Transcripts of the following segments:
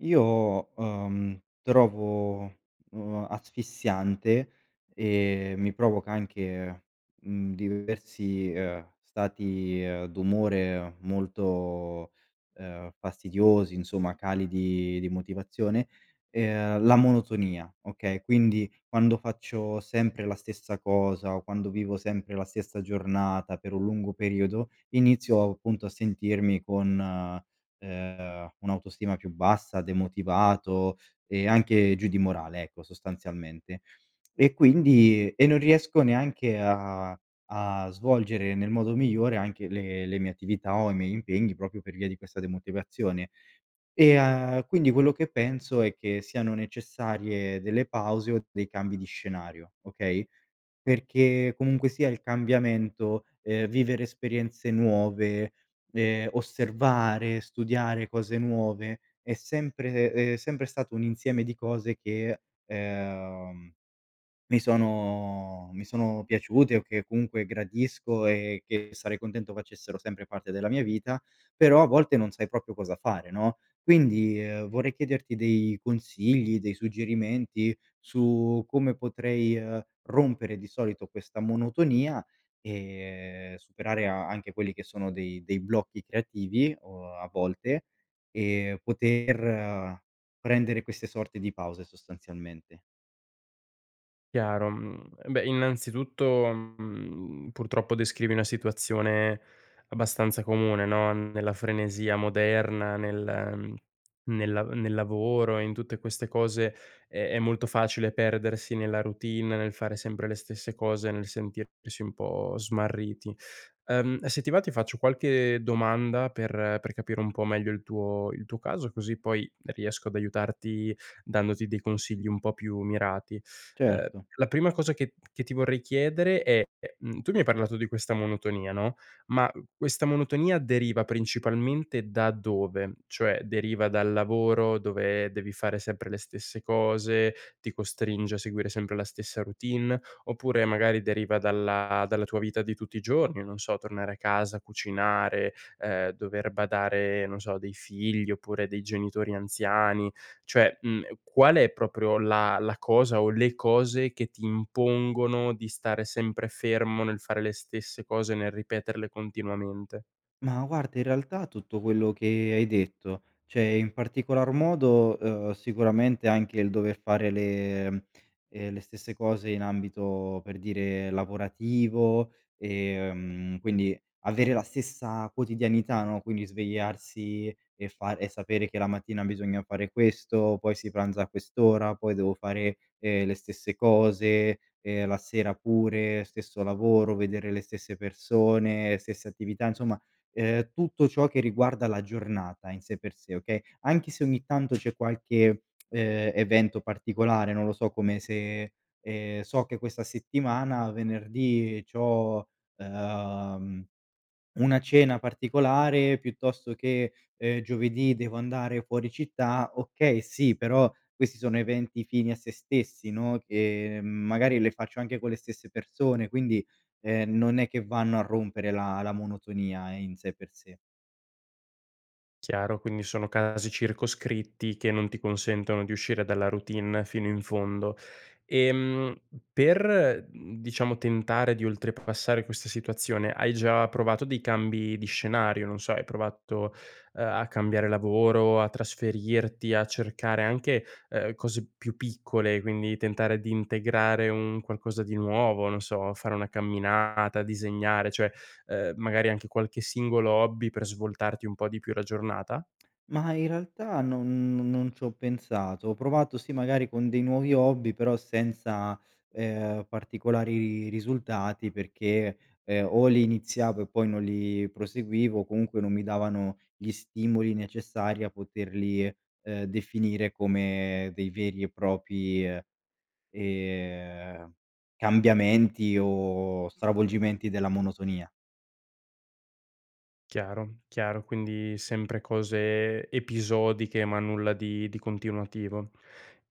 Io, ehm, trovo, uhm, asfissiante e mi provoca anche, mhmm, diversi, uhm, stati, ehm, d'umore, molto, uhm, fastidiosi, insomma, cali di di motivazione, ehm, la monotonia, okay. Quindi, quando faccio sempre la stessa cosa, quando vivo sempre la stessa giornata, per un lungo periodo, inizio, appunto, a sentirmi con, ehm, un'autostima più bassa, demotivato e anche giù di morale, ecco, sostanzialmente. E quindi e non riesco neanche a a svolgere nel modo migliore anche le le mie attività o i miei impegni proprio per via di questa demotivazione. E, uhm, quindi quello che penso è che siano necessarie delle pause o dei cambi di scenario, okay? Perché comunque, sia il cambiamento, uhm, vivere esperienze nuove, ehm, osservare, studiare cose nuove è sempre, ehm, è sempre stato un insieme di cose che ehm, che mi sono mi sono piaciute o che comunque gradisco e che sarei contento facessero sempre parte della mia vita, però a volte non sai proprio cosa fare, no? Quindi, uhm, vorrei chiederti dei consigli, dei suggerimenti su come potrei, uhm, rompere di solito questa monotonia, e superare anche quelli che sono dei dei blocchi creativi o a volte e poter prendere queste sorte di pause, sostanzialmente. Chiaro, mhmm, beh, innanzitutto, mhmm, purtroppo, descrivi una situazione abbastanza comune, no, nella frenesia moderna, nel nel a nel lavoro e in tutte queste cose, è è molto facile perdersi nella routine, nel fare sempre le stesse cose, nel sentirsi un po' smarriti. Ehm, se ti va, ti faccio qualche domanda per per capire un po' meglio il tuo il tuo caso, così poi riesco ad aiutarti, dandoti dei consigli un po' più mirati. Ehm, Certo. la prima cosa che che ti vorrei chiedere è: ehm, tu mi hai parlato di questa monotonia, ma questa monotonia deriva principalmente da dove? Cioè, deriva dal lavoro dove devi fare sempre le stesse cose, ti costringe a seguire sempre la stessa routine, oppure magari deriva dalla dalla tua vita di tutti i giorni, non so, tornare a casa, cucinare, ehm, dover badare, non so, a dei figli oppure dei genitori anziani, cioè, mhmm, qual è proprio la la cosa o le cose che ti impongono di stare sempre fermo nel fare le stesse cose, nel ripeterle continuamente? Ma, guarda, in realtà, tutto quello che hai detto, cioè in particolar modo, uhm, sicuramente anche il dover fare le uhm, le stesse cose in ambito, per dire, lavorativo, ehm, quindi avere la stessa quotidianità, no, quindi svegliarsi e fare e sapere che la mattina bisogna fare questo, poi si pranza a quest'ora, poi devo fare, ehm, le stesse cose e la sera pure, stesso lavoro, vedere le stesse persone, stesse attività, insomma, ehm, tutto ciò che riguarda la giornata in sé per sé, okay. Anche se ogni tanto c'è qualche, ehm, evento particolare, non lo so, come se, ehm, so che questa settimana, venerdì c'ho, ehm, una cena particolare, piuttosto che, ehm, giovedì devo andare fuori città, okay, sì, però questi sono eventi fini a se stessi, no, che magari le faccio anche con le stesse persone, quindi, ehm, non è che vanno a rompere la la monotonia in sé per sé. Chiaro, quindi sono casi circoscritti che non ti consentono di uscire dalla routine fino in fondo. Ehm, per, mhmm, diciamo, tentare di oltrepassare questa situazione, hai già provato dei cambi di scenario, non so, hai provato, ehm, a cambiare lavoro, a trasferirti, a cercare anche, ehm, cose più piccole, quindi tentare di integrare un qualcosa di nuovo, non so, fare una camminata, disegnare, cioè, ehm, magari anche qualche singolo hobby per svoltarti un po' di più la giornata? Ma, in realtà, non n non ci ho pensato. Ho provato, sì, magari con dei nuovi hobby, però senza, ehm, particolari risultati perché, ehm, o li iniziavo e poi non li proseguivo o comunque non mi davano gli stimoli necessari a poterli, ehm, definire come dei veri e propri, ehm, cambiamenti o stravolgimenti della monotonia. Chiaro, chiaro, quindi sempre cose episodiche, ma nulla di di continuativo.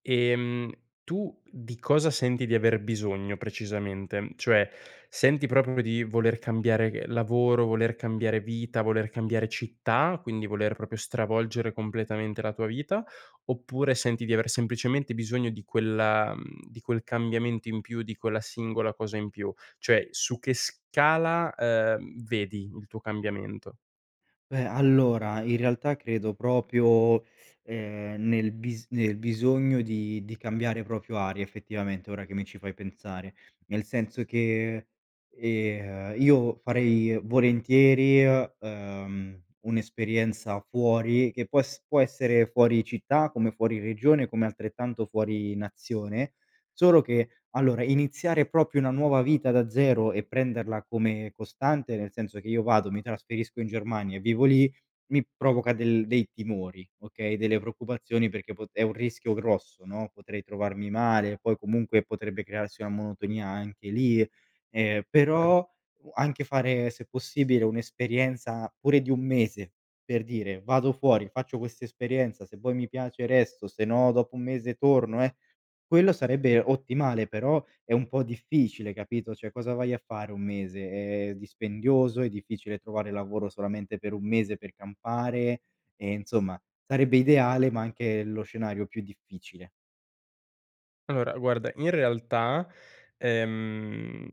Ehm, tu di cosa senti di aver bisogno precisamente? Cioè, senti proprio di voler cambiare lavoro, voler cambiare vita, voler cambiare città, quindi voler proprio stravolgere completamente la tua vita oppure senti di aver semplicemente bisogno di quella mhmm, di quel cambiamento in più, di quella singola cosa in più? Cioè su che scala, ehm, vedi il tuo cambiamento? Beh allora, in realtà credo proprio ehm, nel bis nel bisogno di di cambiare proprio aria, effettivamente ora che mi ci fai pensare. Nel senso che, ehm, io farei volentieri, ehm, un'esperienza fuori, che può es può essere fuori città, come fuori regione, come altrettanto fuori nazione. Solo che, allora, iniziare proprio una nuova vita da 0 e prenderla come costante, nel senso che io vado, mi trasferisco in Germania e vivo lì, mi provoca del dei timori, okay, delle preoccupazioni perché pot è un rischio grosso, no, potrei trovarmi male, poi comunque, potrebbe crearsi una monotonia anche lì. Ehm, Per però u anche fare se possibile, un'esperienza, pure di 1 mese, per dire, vado fuori, faccio quest'esperienza, se poi mi piace resto, se no, dopo 1 mese torno eh quello sarebbe ottimale però, è un po' difficile, capito, cioè cosa vai a fare 1 mese? Ehm, è dispendioso, è difficile trovare lavoro solamente per 1 mese per campare, e insomma sarebbe ideale, ma anche lo scenario più difficile. Allora, guarda, in realtà ehm, uhm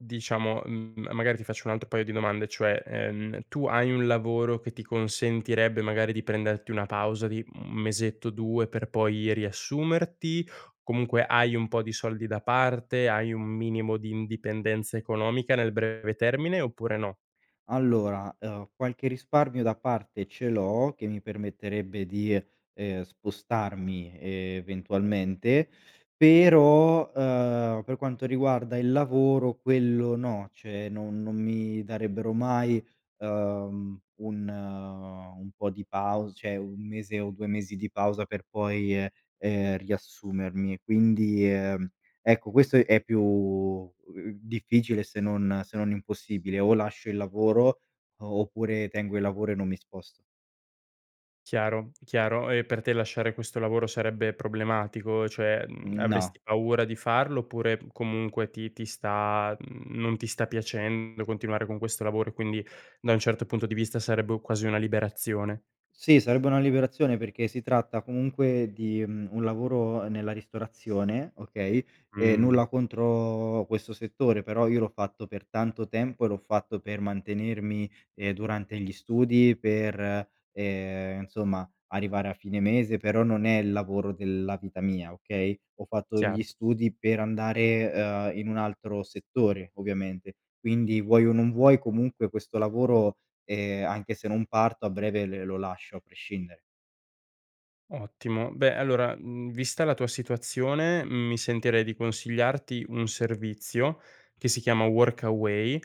diciamo, mhmm, magari ti faccio un altro paio di domande, cioè, ehm, tu hai un lavoro che ti consentirebbe magari di prenderti una pausa di, mhmm, 1 mesetto, 2, per poi riassumerti? Comunque hai un po' di soldi da parte, hai un minimo di indipendenza economica nel breve termine oppure no? Allora, uhm, qualche risparmio da parte ce l'ho che mi permetterebbe di, ehm, spostarmi eventualmente. Però, uhm, per quanto riguarda il lavoro quello no, cioè no non mi darebbero mai, uhm, un un po' di pau cioè 1 mese o 2 mesi di pausa per poi, ehm, ehm, riassumermi. E, quindi, ehm, ecco, questo è più u difficile, ehm, se non se non impossibile. O lascio il lavoro oppure tengo il lavoro e non mi sposto. Chiaro, chiaro. E per te lasciare questo lavoro sarebbe problematico, cioè, mhmm, Mhmm, no. avresti paura di farlo oppure comunque ti ti sta mhmm, non ti sta piacendo continuare con questo lavoro e, quindi, da un certo punto di vista, sarebbe quasi una liberazione? Sì, sarebbe una liberazione perché si tratta comunque di, mhmm, un lavoro nella ristorazione, okay, ehm, Mh. nulla contro questo settore, però io l'ho fatto per tanto tempo e l'ho fatto per mantenermi, ehm, durante gli studi, per, ehm, insomma arrivare a fine mese, però non è il lavoro della vita mia, okay. Ho fatto gli Chiaro. studi per andare, ehm, in un altro settore ovviamente. Quindi vuoi o non vuoi comunque questo lavoro, ehm, anche se non parto a breve l lo lascio a prescindere. Ottimo, beh allora, mhmm, vista la tua situazione mi sentirei di consigliarti un servizio che si chiama Workaway,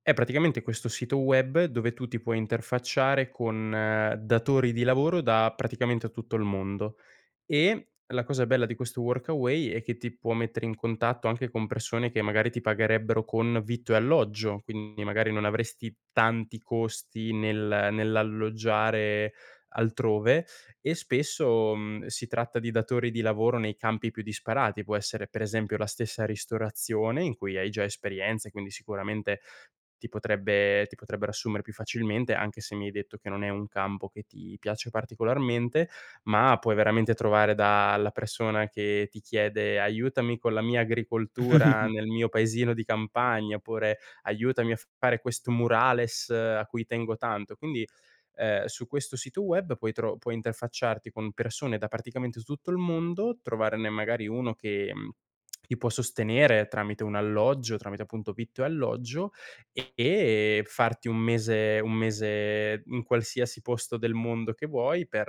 è praticamente questo sito web dove tu ti puoi interfacciare con datori di lavoro da praticamente a tutto il mondo, e la cosa bella di questo Workaway è che ti può mettere in contatto anche con persone che magari ti pagherebbero con vitto e alloggio, quindi magari non avresti tanti costi nel nell'alloggiare altrove, e spesso, mhmm, si tratta di datori di lavoro nei campi più disparati, può essere per esempio la stessa ristorazione in cui hai già esperienza, quindi sicuramente ti potrebbe ti potrebbero assumere più facilmente, anche se mi hai detto che non è un campo che ti piace particolarmente, ma puoi veramente trovare da la persona che ti chiede: "Aiutami con la mia agricoltura nel mio paesino di campagna" oppure "Aiutami a fare questo murales a cui tengo tanto". Quindi, ehm, su questo sito web puoi tro puoi interfacciarti con persone da praticamente s tutto il mondo, trovarne magari uno che, mhmm, ti può sostenere tramite un alloggio, tramite appunto vitto e alloggio, e farti un mese, un mese in qualsiasi posto del mondo che vuoi, per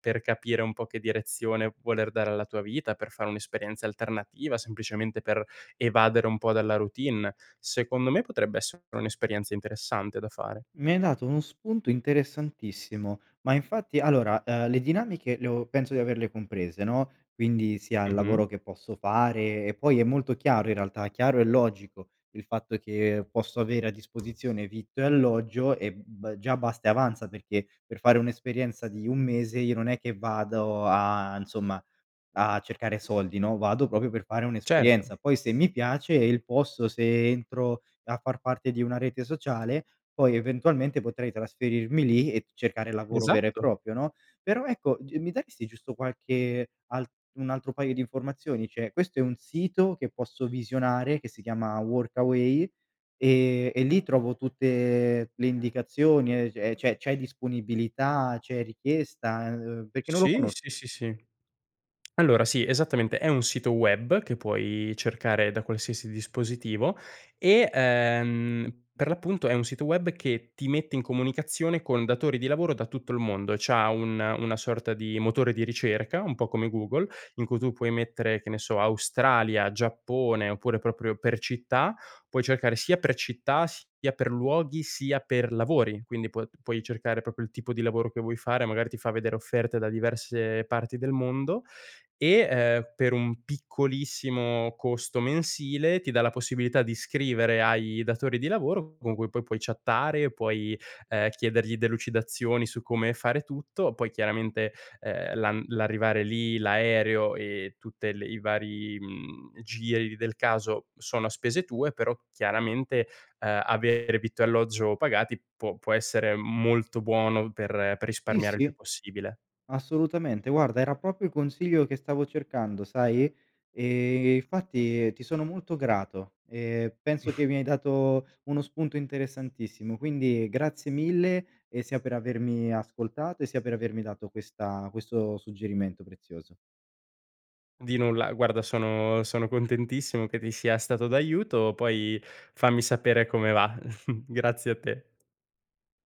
per capire un po' che direzione voler dare alla tua vita, per fare un'esperienza alternativa, semplicemente per evadere un po' dalla routine, secondo me potrebbe essere un'esperienza interessante da fare. Mi hai dato uno spunto interessantissimo. Ma infatti allora, ehm, le dinamiche le ho penso di averle comprese, no. Quindi sia il Mh-mh. lavoro che posso fare, e poi è molto chiaro in realtà, chiaro e logico il fatto che posso avere a disposizione vitto e alloggio e b già basta e avanza, perché per fare un'esperienza di un mese io non è che vado a insomma, a cercare soldi, no. Vado proprio per fare Certo. un'esperienza. Poi se mi piace il posto, se entro a far parte di una rete sociale poi eventualmente potrei trasferirmi lì e cercare lavoro vero e Esatto. proprio, no. Però ecco, g mi daresti giusto qualche altr un altro paio di informazioni: cioè, questo è un sito che posso visionare che si chiama Workaway e e lì trovo tutte le indicazioni, ehm, è cioè c'hai disponibilità, c'è richiesta? Ehm, perché non lo Sì, conosco. sì, sì, sì. Allora sì, esattamente, è un sito web che puoi cercare da qualsiasi dispositivo e, ehm, per l'appunto è un sito web che ti mette in comunicazione con datori di lavoro da tutto il mondo, c'ha un una sorta di motore di ricerca, un po' come Google in cui tu puoi mettere, che ne so Australia, Giappone, oppure proprio per città, puoi cercare sia per città, sia per luoghi, sia per lavori, quindi puo d puoi cercare proprio il tipo di lavoro che vuoi fare, magari ti fa vedere offerte da diverse parti del mondo e, ehm, per un piccolissimo costo mensile ti dà la possibilità di scrivere ai datori di lavoro con cui poi puoi chattare, puoi ehm chiedergli delucidazioni su come fare tutto, poi chiaramente, ehm, l'an l'arrivare lì, l'aereo e tutte le i vari, mhmm, giri del caso sono a spese tue, però chiaramente, uhm, avere vitto e alloggio pagati può può essere molto buono per per Sì, risparmiare il più sì, possibile. assolutamente, guarda era proprio il consiglio che stavo cercando sai. Ehm, infatti ti sono molto grato, e penso che mi hai dato uno spunto interessantissimo. Quindi grazie mille, e sia per avermi ascoltato e sia per avermi dato questa questo suggerimento prezioso. Di nulla, guarda sono sono contentissimo che ti sia stato d'aiuto, poi fammi sapere come va. Grazie a te.